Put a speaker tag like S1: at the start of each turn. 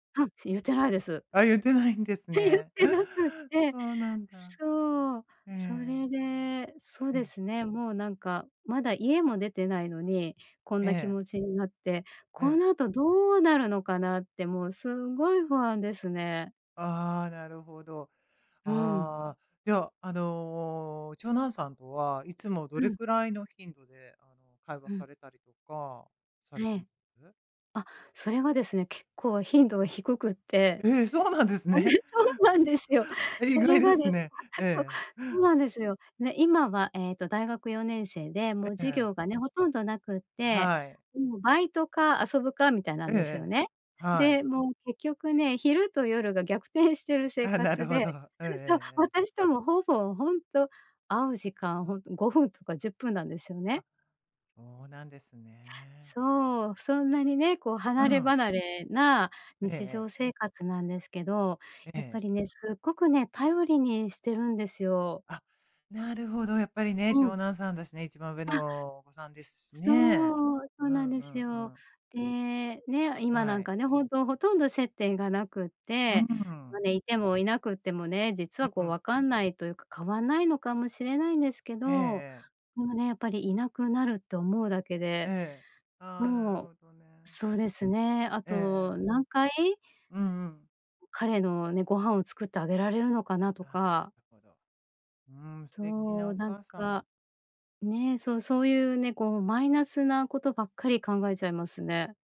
S1: はんし、言ってないです。
S2: あ、言ってないんです
S1: え、言っ
S2: ね。
S1: てなくって、
S2: そうなんだ。
S1: そう、
S2: えええ
S1: それ
S2: え。
S1: で、そう
S2: え
S1: で
S2: え。
S1: すね、もうなんかまだ家も出てないのに、こん
S2: え
S1: な気
S2: え。
S1: 持ちになって、
S2: え
S1: こ
S2: え。
S1: の後どうなるのかなってもうすごい不安ですね。
S2: ああ、なるほど。
S1: うん。
S2: ああ、では、あの、長男さんとはいつもど
S1: う
S2: れ
S1: ん。
S2: くらいの頻度で、あの、会話
S1: うん。
S2: されたりとかさ
S1: え
S2: れてま
S1: え。
S2: す？
S1: あ、それがですね、結構頻度が低くって、
S2: え、そうなんです
S1: あれ、
S2: ね。
S1: そうなんですよ。
S2: え、意
S1: それ
S2: 外で
S1: がで
S2: すね。
S1: そう、
S2: ええ。
S1: そうなんですよ。ね、今はええと、大学4年生で、も
S2: え
S1: う
S2: え
S1: 授
S2: ええ。
S1: 業がね、ほとんどなくって、
S2: はい。
S1: もうバイトか遊ぶかみたいな
S2: え
S1: ん
S2: ええ
S1: ですよ
S2: え、
S1: ね。
S2: は
S1: で、
S2: い。
S1: もう結局ね、昼と夜が逆転してる生
S2: あ、なる
S1: 活
S2: ほ
S1: で。
S2: ど。ええ
S1: ふん、そう、
S2: ええええ。
S1: 私ともほぼほんと会う時間、ほんと5分とか10分なんですよね。
S2: あ、そうなんですね。
S1: そう、そんなにね、こう
S2: う
S1: 離れ
S2: ん。
S1: 離れな
S2: ええ
S1: 日
S2: ええ。
S1: 常生活なんですけど、
S2: えええ
S1: やっぱ
S2: え。
S1: りね、すっごくね、頼りにしてるんですよ。
S2: あ、なるほど、やっぱりね、
S1: うん。
S2: 長男さんだしね、一番上
S1: あ。
S2: のお子さんですしね。
S1: そう、そ
S2: う
S1: うなん
S2: ん
S1: で
S2: う
S1: す
S2: ん
S1: よ。
S2: うん。
S1: で、ね、今な
S2: は
S1: ん
S2: い。
S1: かね、ほんとほとんど接点がなくっ
S2: う
S1: て、ま、
S2: ん。
S1: ね、いてもいなくてもね、実
S2: う
S1: はこう
S2: ん。
S1: 分かんないというか、変わんないのかもしれないんですけど、
S2: ええ
S1: も
S2: ええ。
S1: うね、やっぱりいなくなると思うだけで、
S2: ええ。あ、なる
S1: もう、
S2: ほどね。
S1: そうですね、あ
S2: ええ
S1: と
S2: ええ。
S1: 何回？
S2: うんうん。
S1: う彼のね、ご飯を作ってあげられるのかな
S2: あ
S1: と
S2: あ、な
S1: か
S2: るほど。うーん、素敵な
S1: そう、
S2: お
S1: なん
S2: 母さま。
S1: か、ね、そうそういうね、こうマイナスなことばっかり考えちゃいますね。